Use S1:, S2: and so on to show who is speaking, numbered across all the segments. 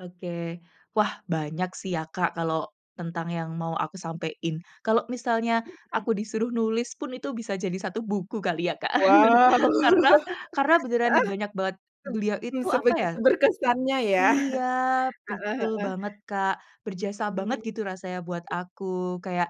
S1: Oke wah banyak sih ya, Kak, kalau tentang yang mau aku sampein. Kalau misalnya
S2: [unintelligible]
S1: aku disuruh nulis pun, itu bisa jadi 1 buku kali ya Kak,
S2: Wow,
S1: karena karena beneran
S2: heeh.
S1: banyak banget beliau itu apa ya
S2: Sebegitu berkesannya ya?
S1: iya
S2: Heeh
S1: betul
S2: heeh.
S1: banget Kak, berjasa banget gitu
S2: Mhm.
S1: rasanya buat aku. Kayak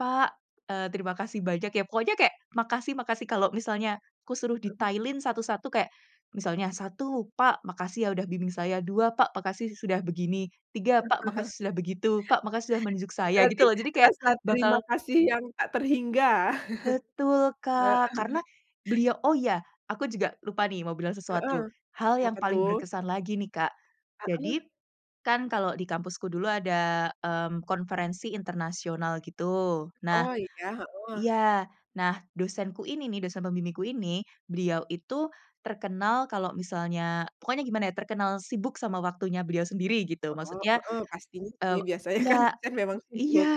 S1: “Pak, eee, terima kasih banyak ya,” pokoknya kayak makasih makasih. Kalau misalnya kusuruh
S2: Heeh.
S1: detailin satu satu kayak misalnya satu, “Pak makasih ya udah bimbing saya,” dua, “Pak makasih sudah begini,” tiga, “Pak makasih sudah begitu, Pak makasih sudah menunjuk saya,” gitu
S2: Berarti
S1: loh jadi kayak
S2: rasa terima
S1: bakal
S2: kasih yang tak terhingga,
S1: Betul,
S2: heeh.
S1: Kak, karena beliau. Oh ya, aku juga lupa nih, mau bilang
S2: Heeh.
S1: sesuatu hal yang
S2: Apa
S1: paling
S2: tuh?
S1: berkesan lagi nih, Kak. Jadi,
S2: Heeh.
S1: kan kalau di kampusku dulu ada, mmm, konferensi internasional gitu. Nah
S2: Oh iya, heeh.
S1: iya. Nah, dosenku ini nih, dosen pembimbingku ini, beliau itu terkenal kalau misalnya, pokoknya gimana ya, terkenal sibuk sama waktunya beliau sendiri gitu
S2: Heeh
S1: maksudnya.
S2: heeh. Pastinya sih
S1: Eee
S2: biasanya kan
S1: iya
S2: dosen memang
S1: iya
S2: sibuk.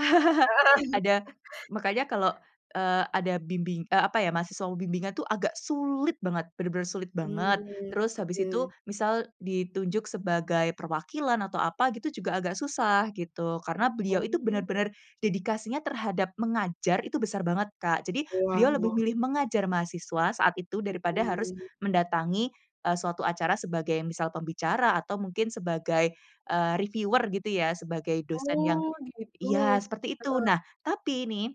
S2: Heeh.
S1: ada. Makanya kalau, eee, ada bimbing, eee, apa ya, mahasiswa bimbingan itu agak sulit banget, bener-bener sulit banget.
S2: Mhm,
S1: Terus habis itu,
S2: heeh.
S1: misal ditunjuk sebagai perwakilan atau apa gitu, juga agak
S2: Iya.
S1: susah gitu, karena beliau itu
S2: Oh.
S1: bener-bener dedikasinya terhadap mengajar itu besar banget, Kak. Jadi
S2: Wah
S1: beliau lebih
S2: wah.
S1: memilih mengajar mahasiswa saat itu, daripada harus
S2: Heeh.
S1: mendatangi, eee, suatu acara sebagai, misal, pembicara atau mungkin sebagai, eee, reviewer gitu ya, sebagai dosen yang
S2: Oh gitu
S1: iya seperti itu.
S2: heeh.
S1: Nah, tapi nih,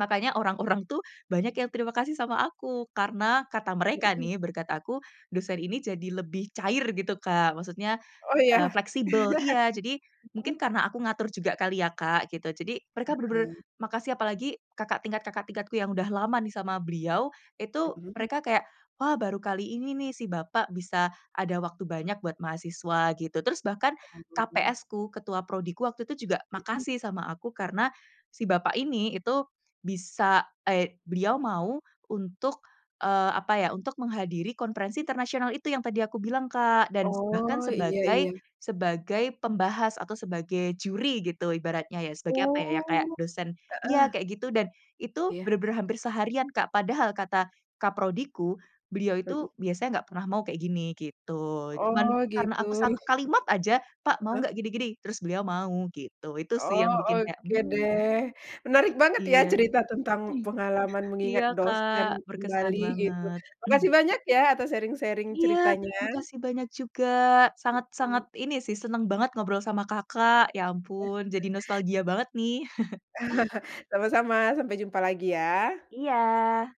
S1: makanya orang-orang tuh banyak yang terima kasih sama aku karena kata mereka
S2: Heeh.
S1: nih, berkat aku dosen ini jadi lebih cair gitu, Kak. Maksudnya,
S2: Oh
S1: eee,
S2: iya.
S1: fleksibel iya. Jadi mungkin
S2: Mhm.
S1: karena aku ngatur juga kali ya, Kak, gitu, jadi mereka bener-bener
S2: Heeh.
S1: makasih. Apalagi kakak tingkat kakak tingkatku yang udah lama nih sama beliau itu
S2: Mhm.
S1: mereka kayak, “Wah, baru kali ini nih, si Bapak bisa ada waktu banyak buat mahasiswa,” gitu. Terus bahkan
S2: Oh.
S1: KPS-ku, ketua prodi-ku waktu itu juga
S2: Mhm.
S1: makasih sama aku karena si bapak ini itu bisa, eee, beliau mau untuk, eee, apa ya, untuk menghadiri konferensi internasional itu yang tadi aku bilang, Kak. Dan bahkan
S2: Oh, iya
S1: sebagai
S2: iya.
S1: sebagai pembahas atau sebagai juri gitu ibaratnya ya, sebagai apa ya, kayak
S2: Oh.
S1: dosen iya,
S2: Heeh.
S1: kayak gitu. Dan itu
S2: Iya.
S1: benar-benar hampir seharian, Kak. Padahal kata Kaprodiku, beliau
S2: Hmm.
S1: itu biasanya enggak pernah mau kayak gini, gitu, cuman
S2: Oh
S1: karena
S2: gitu,
S1: aku satu kalimat aja, “Pak, mau
S2: heeh.
S1: enggak gini-gini?” Terus beliau mau gitu. Itu sih
S2: Oh,
S1: yang bikin kayak,
S2: oke
S1: mmm.
S2: deh, menarik banget ya,
S1: Iya.
S2: cerita tentang pengalaman mengingat
S1: Iya
S2: dosen
S1: Kak, berkesan
S2: kembali gitu.
S1: banget.
S2: Makasih
S1: Hmm.
S2: banyak ya atas sharing-sharing
S1: Iya,
S2: ceritanya.
S1: makasih banyak juga, sangat sangat
S2: Mhm.
S1: ini sih, seneng banget ngobrol sama Kakak. Ya ampun jadi nostalgia banget nih.
S2: Sama-sama, sampai jumpa lagi ya.
S1: Iya.